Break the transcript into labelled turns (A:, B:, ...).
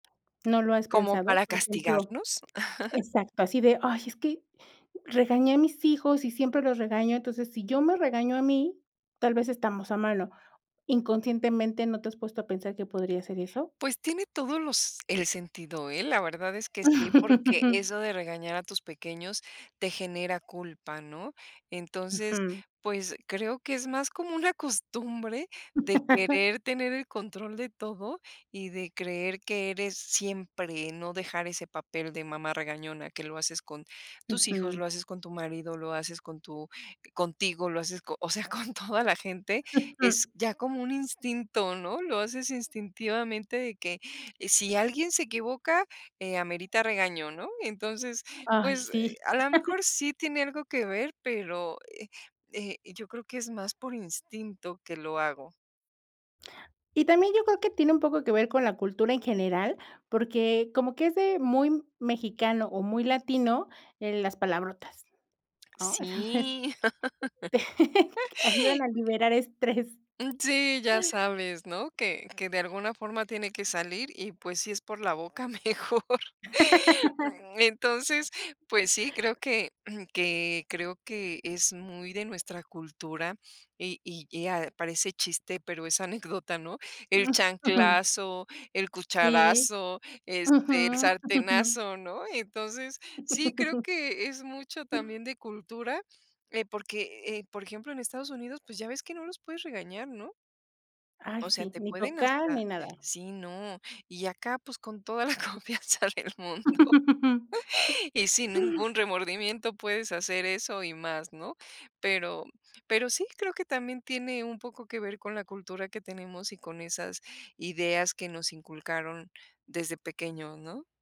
A: ¿No lo has
B: Como
A: pensado?
B: para
A: Por ejemplo.
B: castigarnos.
A: Exacto, así de: "Ay, es que regañé a mis hijos y siempre los regaño, entonces, si yo me regaño a mí, tal vez estamos a mano". Inconscientemente, ¿no te has puesto a pensar que podría ser eso?
B: Pues tiene todos los el sentido, ¿eh? La verdad es que sí, porque eso de regañar a tus pequeños, te genera culpa, ¿no? Entonces,
A: Ujú.
B: pues, creo, que es más como una costumbre de querer tener el control de todo, y de creer que eres siempre, no dejar ese papel de mamá regañona, que lo haces, con tus hijos,
A: Ujú.
B: lo haces con tu marido, lo haces con tu contigo, lo haces o sea, con toda la gente, es ya como un instinto, ¿no? Lo haces instintivamente, de que, si alguien se equivoca, eh, amerita regaño, ¿no? Entonces,
A: Ay,
B: pues, eh,
A: sí.
B: a lo mejor sí tiene algo que ver, pero, eh eh, yo creo que es más por instinto que lo hago.
A: Y también yo creo que tiene un poco que ver con la cultura en general, porque como que es de muy mexicano, o muy latino, eh, las palabrotas, ¿no? entonces,
B: Sí.
A: ayudan a liberar estrés.
B: Mm, sí, ya sabes, ¿no? Que que de alguna forma, tiene que salir y, pues, si es por la boca mejor. Entonces, pues sí, creo, que que creo que es muy de nuestra cultura, y y eh, a parece chiste, pero es anécdota, ¿no? El chanclazo, el
A: Sí.
B: cucharazo, este, el
A: Ujú.
B: sartenazo, ¿no? Entonces, sí creo que es mucho también de cultura, eh, porque, eh, por ejemplo, en Estados Unidos, pues, ya ves que no los puedes regañar, ¿no?
A: Ay,
B: O sea,
A: sí,
B: te
A: ni
B: pueden
A: tocar
B: hasta
A: ni nada.
B: Sí, no, y acá, pues con toda la confianza del mundo. Y sin ningún remordimiento puedes hacer eso y más, ¿no? Pero pero sí creo que también, tiene un poco que ver con la cultura que tenemos y, con esas ideas que nos inculcaron desde pequeños, ¿no?